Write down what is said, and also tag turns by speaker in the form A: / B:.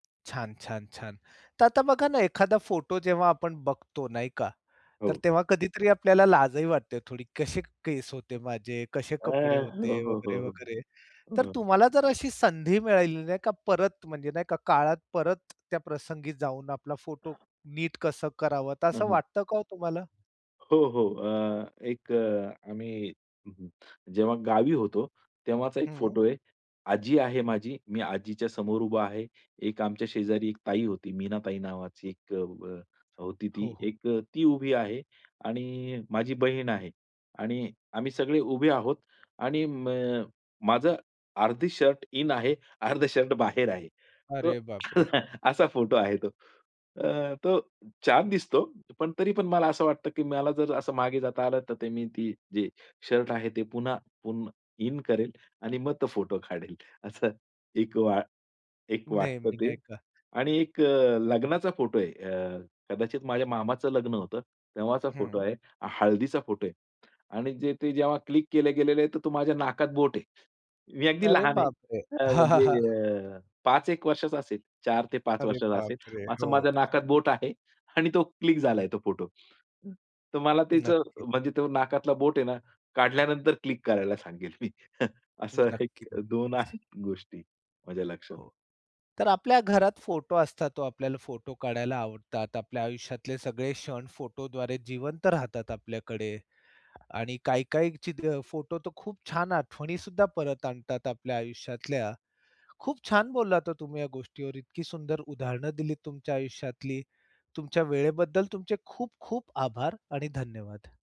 A: छान, छान, छान. तर आता बघा ना, एखादा फोटो जेव्हा आपण बघतो नाही का? तर
B: हो.
A: तेव्हा कधीतरी आपल्याला लाजही वाटते थोडी "कसे केस होते माझे, कसे
B: अ,
A: कपडे
B: हो,
A: होते,"
B: हो, हो,
A: वगैरे, वगैरे तर
B: हो.
A: तुम्हाला जर अशी संधी मिळाली नाही का, परत म्हणजे नाही का, काळात परत त्या प्रसंगी जाऊन आपला फोटो नीट कसं करावं तर
B: हं,
A: असं
B: हं.
A: वाटतं का हो तुम्हाला?
B: हो, हो अ, एक अ, आम्ही हं, हं. जेव्हा गावी होतो तेव्हाचा 1
A: हं.
B: फोटो आहे. आजी आहे माझी, मी आजीच्या समोर उभा आहे. एक आमच्या शेजारी 1 ताई होती मीनाताई नावाची एक अ, व होती
A: हो,
B: ती
A: हो.
B: एक ती उभी आहे आणि माझी बहीण आहे. आणि आम्ही सगळे उभे आहोत आणि म माझं अर्धी शर्ट इन आहे, अर्ध शर्ट बाहेर आहे. तो
A: अरे बाप रे!
B: असा फोटो आहे तो. अ, तो छान दिसतो. पण तरी पण मला असं वाटतं, की मला जर असं मागे जाता आलं तर मी ती जे शर्ट आहे ते पुन्हा पुन्हा इन करेल आणि मग तो फोटो काढेल असं एक वा एक
A: नाही
B: वाटतं
A: मी
B: ते
A: नाही का.
B: आणि एक अ, लग्नाचा फोटो आहे. अ, कदाचित माझ्या मामाचं लग्न होतं तेव्हाचा फोटो
A: हं.
B: आहे. हळदीचा फोटो आहे. आणि जे ते जेव्हा क्लिक केलं गेलेलं आहे तर तो माझ्या नाकात बोट आहे. मी अगदी
A: अरे
B: लहान आहे.
A: बाप रे!
B: अ,
A: हां, हां,
B: म्हणजे
A: हां.
B: 5 एक वर्षाचा असेल, 4 ते 5
A: अरे
B: वर्षाचा असेल.
A: बाप रे!
B: असं
A: हो.
B: माझ्या नाकात बोट आहे आणि तो क्लिक झालाय तो फोटो. तर मला त्याचं
A: नक्कीच.
B: म्हणजे नाकातला बोट आहे ना, काढल्यानंतर क्लिक करायला सांगेल मी, असं
A: नक्की, नक्कीच.
B: 1-2 आहेत गोष्टी माझ्या लक्षात.
A: हो तर आपल्या घरात फोटो असतात हो आपल्याला फोटो काढायला आवडतात. आपल्या आयुष्यातले सगळे क्षण फोटोद्वारे जिवंत राहतात आपल्याकडे आणि काही, काही ची फोटो तर खूप छान आठवणी सुद्धा परत आणतात आपल्या आयुष्यातल्या. खूप छान बोललात हो तुम्ही या गोष्टीवर इतकी सुंदर उदाहरणं दिलीत तुमच्या आयुष्यातली. तुमच्या वेळेबद्दल तुमचे खूप, खूप आभार आणि धन्यवाद.